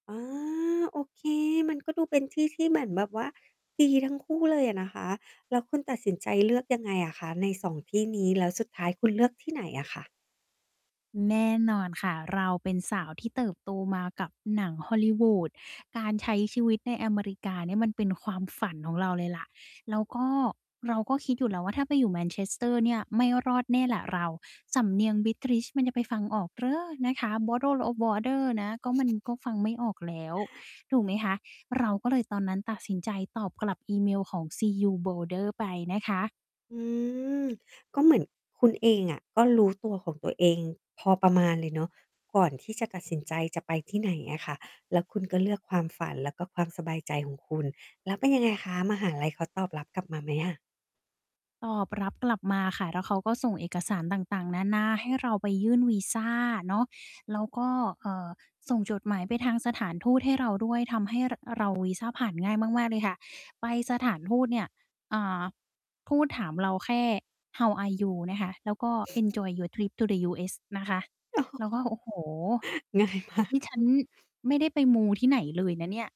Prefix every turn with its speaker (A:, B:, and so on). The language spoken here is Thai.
A: อา โอเค มันก็ดูเป็นที่ที่เหมือนแบบว่าดีทั้งคู่เลยอะนะคะ แล้วคุณตัดสินใจเลือกยังไงอะคะ ใน 2 ที่นี้ แล้วสุดท้ายคุณเลือกที่ไหนอะคะ?
B: แน่นอนค่ะ เราเป็นสาวที่เติบโตมากับหนัง Hollywood การใช้ชีวิตในอเมริกาเนี่ยมันเป็นความฝันของเราเลยแหละ แล้วก็เราก็คิดอยู่แล้วว่า ถ้าไปอยู่ Manchester เนี่ยไม่รอดแน่แหละเรา สำเนียง British มันจะไปฟังออกเหรอ นะคะ Bottle of water นะ ก็ มันก็ฟังไม่ออกแล้ว ถูกไหมคะ เราก็เลยตอนนั้นตัดสินใจตอบกลับอีเมลของ CU Boulder ไปนะคะ
A: อืม ก็เหมือนคุณเองอะก็รู้ตัวของตัวเองพอประมาณเลยเนาะ ก่อนที่จะตัดสินใจจะไปที่ไหนอะค่ะ แล้วคุณก็เลือกความฝันและก็ความสบายใจของคุณ แล้วเป็นยังไงคะ มหาลัยเขาตอบรับกลับมาไหมอะ?
B: ตอบรับกลับมาค่ะ แล้วเขาก็ส่งเอกสารต่าง ๆ นานา ให้เราไปยื่นวีซาเนาะ แล้วก็ เอ่อ ส่งจดหมายไปทางสถานทูตให้เราด้วย ทำให้ ร เราวีซาผ่านง่ายมาก ๆ เลยค่ะ ไปสถานทูตเนี่ย อ่า พูดถามเราแค่ "How are you?" นะคะ แล้วก็ "Enjoy your trip to the US." นะคะ เราก็ "โอ้โฮ
A: ง่ายมาก
B: นี่ฉันไม่ได้ไปมูที่ไหนเลยนะเนี่ย"